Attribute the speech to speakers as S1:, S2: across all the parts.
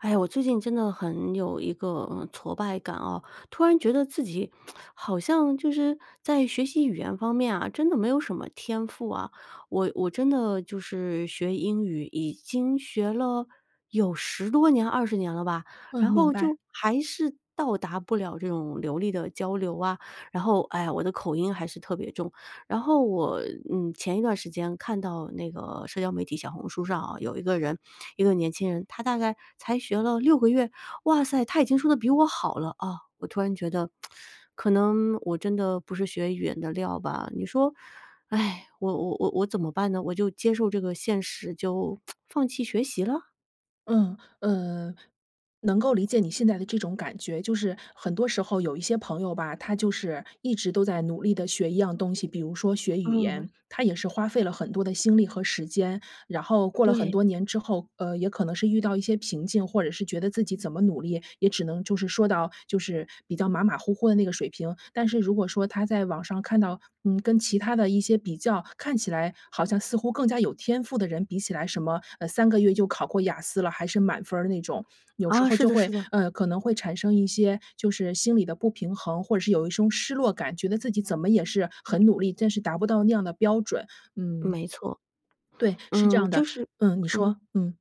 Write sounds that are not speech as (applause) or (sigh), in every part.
S1: 哎呀，我最近真的很有一个，呃，挫败感哦，突然觉得自己 (tsk) 好像就是在学习语言方面啊，真的没有什么天赋啊。我我真的就是学英语，已经学了有10多年20年了吧，
S2: 嗯，
S1: 然
S2: 明
S1: 后
S2: 白。
S1: 就还是到达不了这种流利的交流啊。然后，唉，我的口音还是特别重。然后我，嗯，前一段时间看到那个社交媒体小红书上哦，有一个人，一个年轻人，他大概才学了6个月，哇塞，他已经说得比我好了哦，我突然觉得 (tsk) 可能我真的不是学语言的料吧。你说 (sighs) 我我我我怎么办呢？我就接受这个现实，就 (tsk) 放弃学习了？
S2: 嗯，呃能够理解你现在的这种感觉，就是很多时候有一些朋友吧，他就是一直都在努力地学一样东西，比如说学语
S1: 嗯。
S2: 言。他也是花费了很多的心力和时间，然后过了很
S1: 对。
S2: 多年之后，呃，也可能是遇到一些瓶颈，或者是觉得自己怎么努力，也只能就是说到就是比较马马虎虎的那个水平。但是如果说他在网上看到，嗯，跟其他的一些比较看起来好像似乎更加有天赋的人比起来，什么，呃，3个月就考过雅思了，还是满分儿那种，有时
S1: 啊，
S2: 候
S1: 是
S2: 就
S1: 的，是
S2: 会
S1: 的。
S2: 呃，可能会产生一些就是心理的不平衡，或者是有一种失落感，觉得自己怎么也是很努力，但是达不到那样的标准。嗯。
S1: 没错。
S2: 对，是这
S1: 嗯，
S2: 样
S1: 就
S2: 的，
S1: 是
S2: 嗯，你
S1: 嗯。
S2: 说，嗯。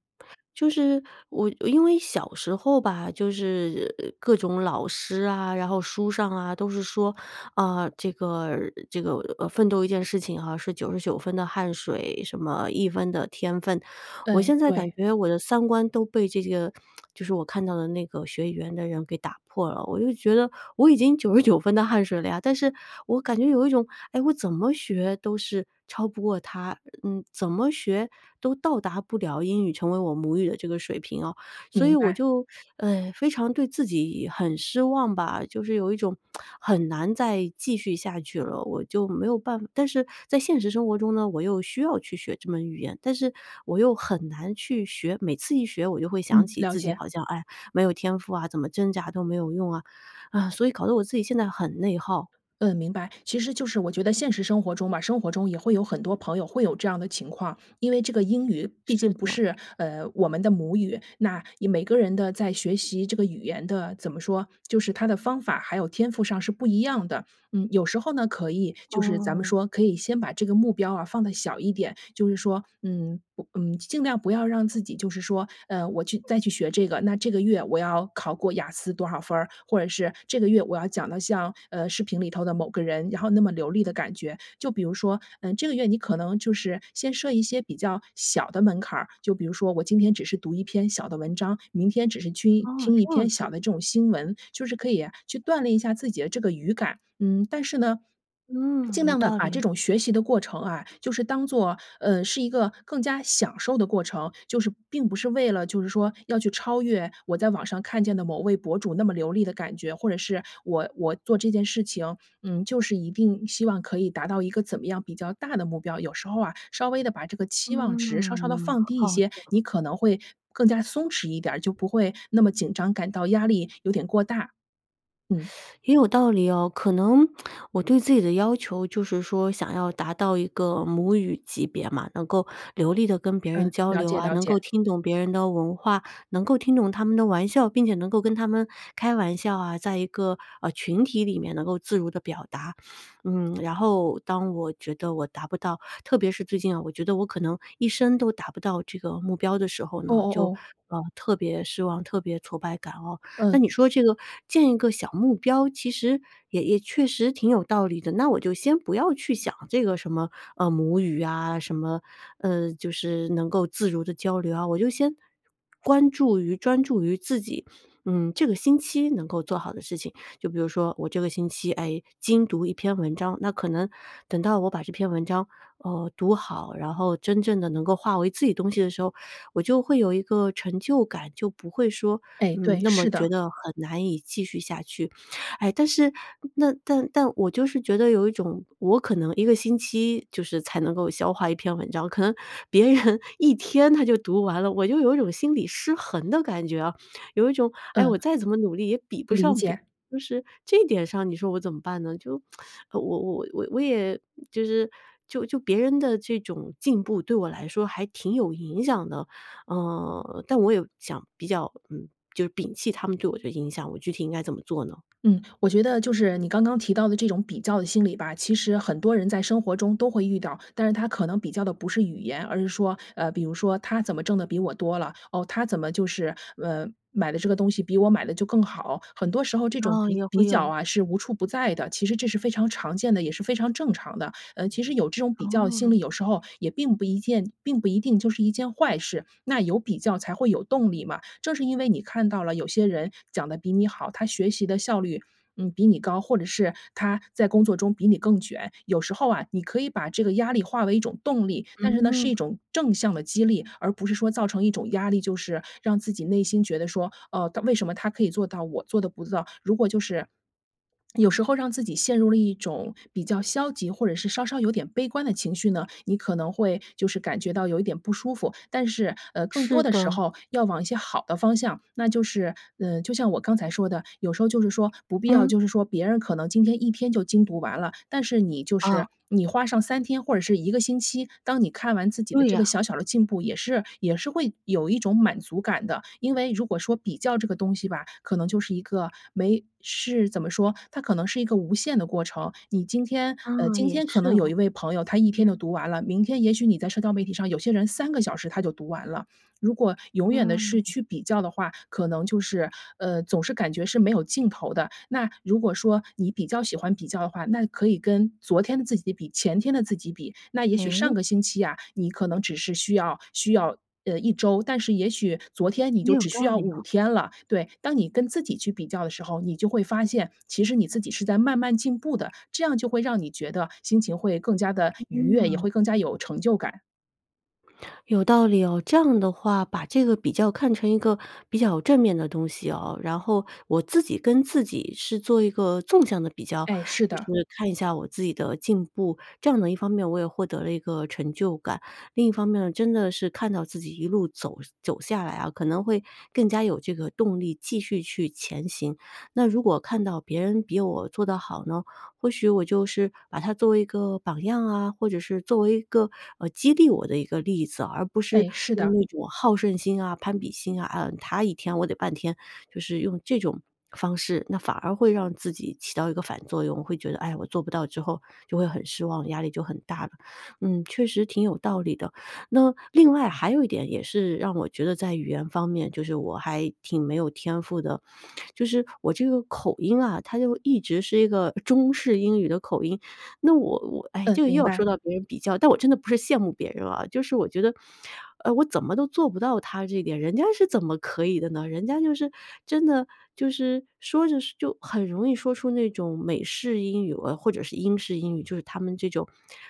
S1: 就是我我因为小时候吧，就是各种老师啊，然后书上啊，都是说，啊，这个这个，呃，奋斗一件事情哈，是99分的汗水，什么1分的天份。我
S2: 对，
S1: 现在感
S2: 对。
S1: 觉我的三观都被这几个 (tsk) 就是我看到的那个学语言的人给打破了。我就觉得我已经99分的汗水了呀，但是我感觉有一种，哎，我怎么学都是超不过他，嗯，怎么学都到达不了英语成为我母语的这个水平哦。所以
S2: 明
S1: 我
S2: 白。
S1: 就，呃，非常对自己很失望吧，就是有一种 (tsk) 很难再继续下去了，我就没有办但是在现实生活中呢，我又需要去学这门语言，但是我又很难去学，每次一学我就会想
S2: 嗯，
S1: 起
S2: 了
S1: 自己
S2: 解。
S1: 好像：“哎，没有天赋啊，怎么挣扎都没有用啊。” (sighs) 所以搞得我自己现在很内耗。
S2: 嗯，明白，其实就是我觉得现实生活中吧，生活中也会有很多朋友会有这样的情况，因为这个英语毕
S1: 是
S2: 竟不
S1: 的。
S2: 是，呃，我们的母语。那以每个人的在学习这个语言的怎么说，就是他的方法，还有天赋上是不一样的。嗯，有时候呢，可以就是咱们
S1: 哦。
S2: 说，可以先把这个目标啊放得小一点。就是说，嗯，不嗯，尽量不要让自己就是说，呃，我去再去学这个，那这个月我要考过雅思多少分儿，或者是这个月我要讲的像，呃，视频里头的某个人，然后那么流利的感觉。就比如说，嗯，这个月你可能就是先设一些比较小的门槛儿，就比如说我今天只是读一篇小的文章，明天只是去一
S1: 哦，
S2: 听一
S1: 这样
S2: 篇小
S1: 子。
S2: 的这种新闻，就是可以去锻炼一下自己的这个语感。嗯，但是呢，
S1: 嗯，
S2: 尽
S1: 有
S2: 量地
S1: 道
S2: 把
S1: 理。
S2: 这种学习的过程啊，就是当做，呃，是一个更加享受的过程，就是并不是为了就是说要去超越我在网上看见的某位博主那么流利的感觉，或者是我我做这件事情，嗯，就是一定希望可以达到一个怎么样比较大的目标。有时候啊，稍微地把这个期望值稍稍地
S1: 嗯，
S2: 放低一
S1: 好
S2: 些，
S1: 的。
S2: 你可能会更加松弛一点儿，就不会那么紧张，感到压力有点过大，
S1: (sucks teeth)
S2: 嗯。
S1: 也有道理哦，可能 (tsk) 我对自己的要求就是说想要达到一个母语级别嘛，能够流利地跟别人
S2: 嗯，
S1: 交
S2: 了
S1: 流
S2: 解，
S1: 啊，
S2: 了
S1: 能
S2: 解。
S1: 够听懂别人的文化，能够听懂他们的玩笑，并且能够跟他们开玩笑啊，在一个，呃，群体里面能够自如地表达。嗯，然后当我觉得我达不到，特别是最近啊，我觉得我可能一生都达不到这个目标的时候
S2: 哦
S1: 呢，
S2: 哦
S1: 就，
S2: 哦。
S1: 呃，特别失望、特别挫败感哦。那
S2: 嗯。
S1: 你说这个建一个小目标，其实也也确实挺有道理的，那我就先不要去想这个什么，呃，母语啊，什么，呃，就是能够自如地交流啊，我就先关注于专注于自己，嗯，这个星期能够做好的事情。就比如说，我这个星期，哎，精读一篇文章，那可能等到我把这篇文章，呃，读好，然后真正地能够化为自己东西的时候，我就会有一个成就感，就不会说，
S2: 哎，
S1: 嗯，
S2: 对，
S1: 那么
S2: 是
S1: 觉
S2: 的。
S1: 得很难以继续下去。哎，但是那但但我就是觉得有一种，我可能1个星期就是才能够消化1篇文章，可能别人1天他就读完了。我就有一种心理失衡的感觉啊。有一种“哎，我
S2: 嗯。
S1: 再怎么努力也比不
S2: 理
S1: 上别”。
S2: 解。
S1: 就是这点上你说我怎么办呢？就 (sucks teeth) 我我我我也就是就就别人的这种进步对我来说还挺有影响的。呃，但我有想比较嗯，就是摒弃他们对我的影响，我具体应该怎么做呢？
S2: 嗯，我觉得就是你刚刚提到的这种比较的心理吧，其实很多人在生活中都会遇到，但是他可能比较的不是语言。而是说，呃，比如说他怎么挣得比我多了，哦，他怎么就是，呃，买的这个东西比我买的就更好，很多时候这种
S1: 哦，
S2: 比
S1: 也
S2: 比
S1: 会
S2: 较
S1: 有。
S2: 啊是无处不在的。其实这是非常常见的，也是非常正常的。呃，其实有这种比较心
S1: 哦。
S2: 理，有时候也并不一件并不一定就是一件坏事，那有比较才会有动力嘛，正是因为你看到了有些人讲得比你好，他学习的效率，嗯，比你高，或者是他在工作中比你更卷，有时候啊，你可以把这个压力化为一种动力。但是呢，是
S1: 嗯。
S2: 一种正向的激励，而不是说造成一种压力，就是让自己内心觉得说，“哦，他为什么他可以做到我做得不到。”如果就是 (swallows) 有时候让自己陷入了一种比较消极，或者是稍稍有点悲观的情绪呢，你可能会就是感觉到有一点不舒服。但是，呃，更多
S1: 是
S2: 的时
S1: 的。
S2: 候要往一些好的方向，那就是嗯，就像我刚才说的，有时候就是说不必要
S1: 嗯。
S2: 就是说别人可能今天一天就精读完了，但是你就是，
S1: 啊。
S2: 你花上3天或者是1个星期。当你看完自己的
S1: 对
S2: 这个
S1: 啊。
S2: 小小的进步也是也是会有一种满足感的。因为如果说比较这个东西吧，可能就是一个没事怎么说，它可能是一个无限的过程，你今天
S1: 啊，
S2: 呃，今
S1: 也
S2: 天可
S1: 是
S2: 能有
S1: 哦。
S2: 1位朋友，他1天就读完了，明天也许你在社交媒体上有些人3个小时他就读完了。如果永远地
S1: 嗯。
S2: 是去比较的话，可能就是，呃，总是感觉是没有尽头的。那如果说你比较喜欢比较的话，那可以跟昨天的自己比、前天的自己比。那也许
S1: 哎？
S2: 上个星期啊，你可能只是需要需要，呃，1周，但是也许昨天你
S1: 也
S2: 就
S1: 有
S2: 只需
S1: 道
S2: 要
S1: 理哦。
S2: 5天了，对。当你跟自己去比较的时候，你就会发现，其实你自己是在慢慢进步的，这样就会让你觉得心情会更加地愉悦，也
S1: 嗯。
S2: 会更加有成就感。
S1: 有道理哦，这样的话，把这个比较看成一个比较正面的东西哦，然后我自己跟自己是做一个纵向的比较，
S2: 哎，是
S1: 就
S2: 的。
S1: 是看一下我自己的进步。这样呢，一方面我也获得了一个成就感，另一方面，真的是看到自己一路走走下来啊，可能会更加有这个动力继续去前行。那如果看到别人比我做得好呢，或许我就是把他作为一个榜样啊，或者是作为一个，呃，激励我的一个例子，而不是
S2: 哎，是
S1: 用
S2: 的。
S1: 那种好胜心啊、攀比心啊，啊，他一天我得半天，就是用这种方式，那反而会让自己起到一个反作用，会觉得：“哎呀，我做不到之后就会很失望，压力就很大了。”嗯，确实挺有道理的。那另外还有一点也是让我觉得在语言方面，就是我还挺没有天赋的，就是我这个口音啊，它就一直是一个中式英语的口音。那我我唉，
S2: 嗯，
S1: 这个又
S2: 明
S1: 要说
S2: 白。
S1: 到别人比较但我真的不是羡慕别人啊，就是我觉得，呃，我怎么都做不到他这一点，人家是怎么可以的呢？人家就是真的，就是说着说就很容易说出那种美式英语啊，或者是英式英语，就是他们这种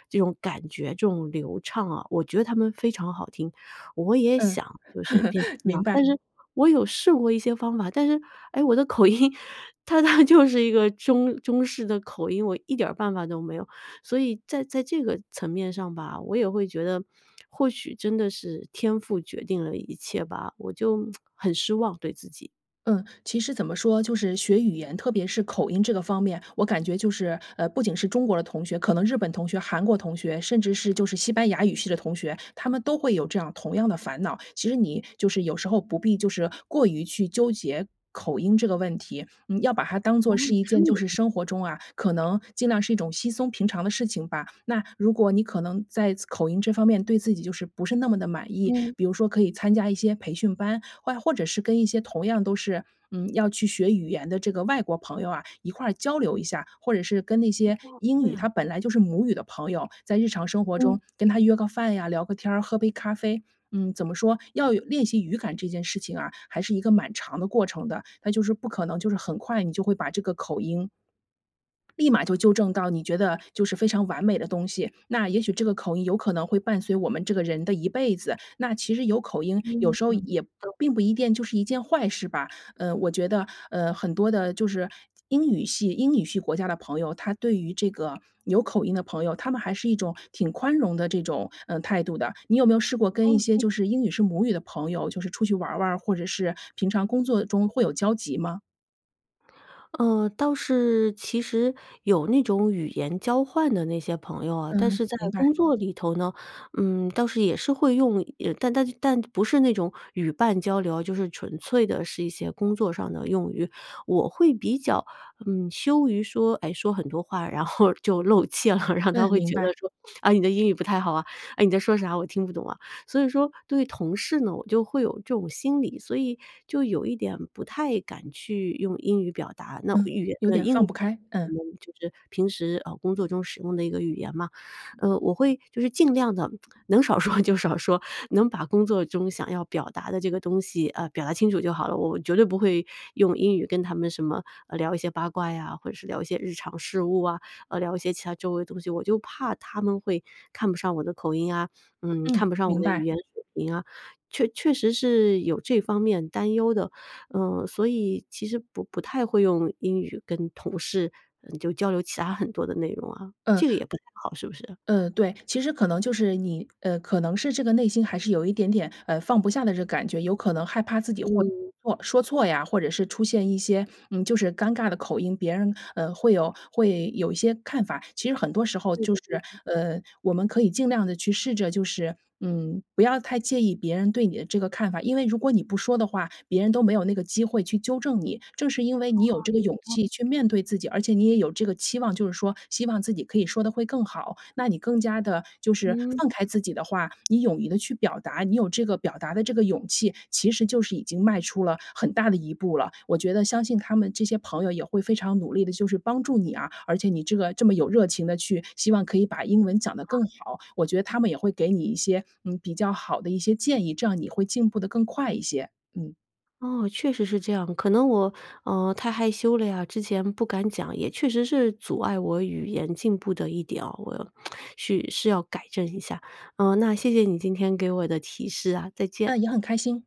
S1: 这种感觉，这种流畅啊。我觉得他们非常好听，我也
S2: 嗯，
S1: 想就是变成
S2: (chuckles)
S1: 那
S2: 明
S1: 样，
S2: 白。
S1: 但是我有试过一些方法，但是，哎，我的口音它它就是一个中中式的口音，我一点儿办法都没有。所以在在这个层面上吧，我也会觉得 (smacks lips) 或许真的是天赋决定了一切吧，我就，(whistles) 很失望，对自己。
S2: 嗯，其实怎么说，就是学语言，特别是口音这个方面，我感觉就是，呃，不仅是中国的同学，可能日本同学、韩国同学，甚至是就是西班牙语系的同学，他们都会有这样同样的烦恼。其实你就是有时候不必就是过于去纠结口音这个问题，嗯，要把它当
S1: 哦，
S2: 做是一
S1: 他
S2: 件
S1: 们
S2: 就
S1: 也这
S2: 是
S1: 样。
S2: 生活中啊，可能尽量是一种稀松平常的事情吧。那如果你可能在此口音这方面，对自己就是不是那么地满意，
S1: 嗯。
S2: 比如说可以参加一些培训班，外或者是跟一些同样都是，嗯，要去学语言的这个外国朋友啊一块儿交流一下。或者是跟那
S1: 哦，
S2: 些英
S1: 这
S2: 语
S1: 样。
S2: 它本来就是母语的朋友，在日常生活
S1: 嗯。
S2: 中跟他约个饭呀，聊个天儿，喝杯咖啡。嗯，怎么说，要有练习语感这件事情啊，还是一个蛮长的过程的，那就是不可能就是很快你就会把这个口音立马就纠正到你觉得就是非常完美的东西，那也许这个口音有可能会伴随我们这个人的一辈子。那其实有口音，有
S1: 嗯
S2: 时候也
S1: (unintelligible)
S2: 并不一定就是一件坏事吧。呃，我觉得呃，很多的就是英语系英语系国家的朋友，他对于这个有口音的朋友，他们还是一种挺宽容的这种，呃，态度的。你有没有试过跟一些
S1: OK。
S2: 就是英语是母语的朋友就是出去玩玩儿，或者是平常工作中会有交集吗？
S1: 嗯，倒是其实有那种语言交换的那些朋友啊，但
S2: 嗯，
S1: 是在
S2: 明白。
S1: 工作里头呢，嗯，倒是也是会用也但但但不是那种语伴交流，就是纯粹的是一些工作上的用语，我会比较，嗯，羞于说，哎，说很多话，然后就露怯了，然后他
S2: 嗯，
S1: 会
S2: 明
S1: 觉得
S2: 白。
S1: 说，“啊，你的英语不太好啊”、“哎，你在说啥？我听不懂啊”。所以说对于同事呢，我就会有这种心理，所以就有一点不太敢去用英语表达，那
S2: 嗯，
S1: 语言
S2: 有
S1: 的
S2: 点
S1: 英
S2: 放
S1: 语
S2: 不开，嗯。
S1: 我们就是平时，啊，工作中使用的一个语言嘛。呃，我会就是尽量地 (smacks lips) 能少说就少说，能把工作中想要表达的这个东西，呃，表达清楚就好了，我绝对不会用英语跟他们什么，呃，聊一些八卦呀，或者是聊一些日常事务啊，呃，聊一些其他周围的东西，我就怕他们会看不上我的口音啊，嗯，
S2: 嗯，
S1: 看不上我
S2: 明
S1: 的语
S2: 白。
S1: 言水平啊，确确实是有这方面担忧的，嗯，所以其实不不太会用英语跟同事，嗯，就交流其他很多的内容啊。
S2: 嗯。
S1: 这个也不太好，是不是？
S2: 嗯，对，其实可能就是你呃，可能是这个内心还是有一点点，呃，放不下的这个感觉，有可能害怕自己会
S1: 嗯。
S2: 错说错呀，或者是出现一些，嗯，就是尴尬的口音，别人，呃，会有会有一些看法。其实很多时候
S1: 对，
S2: 就
S1: 对，
S2: 是，
S1: 对。
S2: 呃，我们可以尽量地去试着，就是，嗯，不要太介意别人对你的这个看法。因为如果你不说的话，别人都没有那个机会去纠正你，正是因为你有
S1: 啊，
S2: 这个
S1: 也有
S2: 勇
S1: 道理。
S2: 气去面对自己，而且你也有这个期望，就是说希望自己可以说得会更好，那你更加地就是
S1: 嗯。
S2: 放开自己的话，你勇于地去表达，你有这个表达的这个勇气，其实就是已经迈出了很大的一步了。我觉得相信他们这些朋友也会非常努力地就是帮助你啊，而且你这个，这么有热情地去希望可以把英文讲得
S1: 啊。
S2: 更好，我觉得他们也会给你一些，嗯，比较好的一些建议，这样你会进步得更快一些，嗯。
S1: 哦，确实是这样，可能我，呃，太害羞了呀，之前不敢讲，也确实是阻碍我语言进步的一点哦，我，，(smacks lips) 是是要改正一下。呃，那谢谢你今天给我的提示啊，再见。
S2: 呃，也很开心。